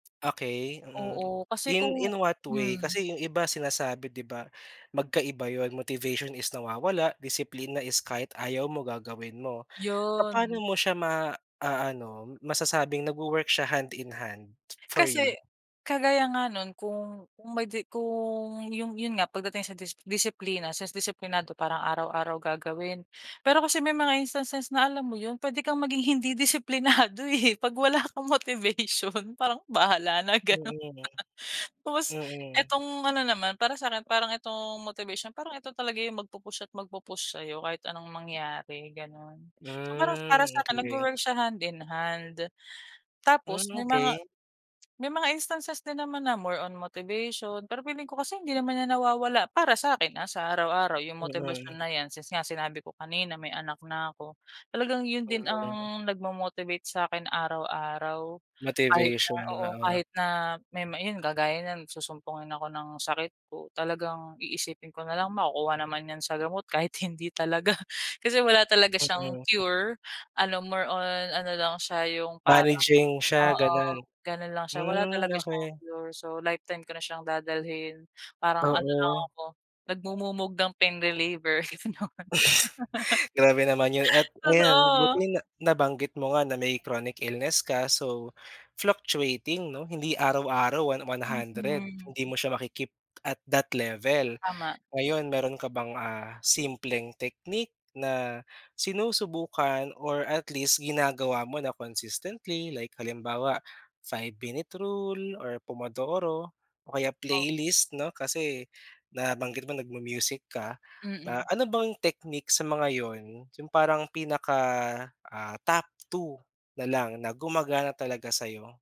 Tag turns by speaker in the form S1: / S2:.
S1: Okey, mm.
S2: Oo kasi
S1: In
S2: kung
S1: in what way?
S2: hmm.
S1: Kasi 'yung iba sinasabi 'di ba, magkaiba 'yon. Motivation is nawawala. Disiplina is kahit ayaw mo, gagawin mo.
S2: 'Yon.
S1: Papaano mo siya ma a-ano, masasabing nag-wo-work siya hand-in-hand, for you?
S2: Kasi kagaya nga no’n kung kung may di kung yung yun nga pagdating sa dis disiplina, since disiplinado parang araw-araw gagawin. Pero kasi may mga instances na alam mo 'yon, pwede kang maging hindi disiplinado, eh, 'pag wala kang motivation, parang, "Bahala na," ganon.
S1: Mm.
S2: Tapos
S1: Mm.
S2: itong ano naman, para sa akin, parang itong motivation, parang eto talaga 'yung magpu-push at magpu-push sa'yo, kahit anong mangyari, ganun. So, parang para
S1: Hmm,
S2: sa akin
S1: okey.
S2: nag-wo-work siya hand-in-hand.
S1: Hmm,
S2: Tapos may mga
S1: okey.
S2: may mga instances din naman na more on motivation. Pero feeling ko kasi hindi naman ‘yan nawawala para sa akin, ah, sa araw-araw yung motibasyon
S1: Mm.
S2: na 'yan, since nga sinabi ko kanina may anak na ako. Talagang yun din
S1: Mm.
S2: ang nag-mo-motivate sa akin araw-araw. Kahit na
S1: Motivation,
S2: oo,
S1: oo.
S2: kahit na may may yun kagaya niyan susumpungin ako ng sakit ko, talagang iisipin ko nalang, "Makukuha naman 'yan sa gamot," kahit hindi talaga, kasi wala talaga siyang
S1: Mm.
S2: cure, ano more on ano lang siya 'yung parang
S1: Managing siya,
S2: oo.
S1: gano’n.
S2: Gano'n lang siya, wala
S1: Hmm,
S2: talaga siyang
S1: okey.
S2: cure. So, lifetime ko na siyang dadalhin. Parang ano lang
S1: Oo.
S2: ako, nagmumumog ng pain reliever. Kasi naman
S1: Grabe naman 'yon. At ayan,
S2: Totoo.
S1: buti na nabanggit mo nga na may chronic illness ka, so fluctuating 'no, hindi araw-araw, one one hundred.
S2: Mm.
S1: Hindi mo siya ma-ki-keep at that level.
S2: Tama.
S1: Ngayon, meron ka bang, ah, simpleng technique na sinusubukan or at least ginagawa mo na consistently, like halimbawa 5 minute rule or Pomodoro o kaya
S2: Oh.
S1: playlist 'no, kasi nabanggit mo nag-mu-music ka. Ah,
S2: Mm.
S1: ano bang technique sa mga 'yon, yung parang pinaka ah, top 2 na lang na gumagana talaga sa’yo?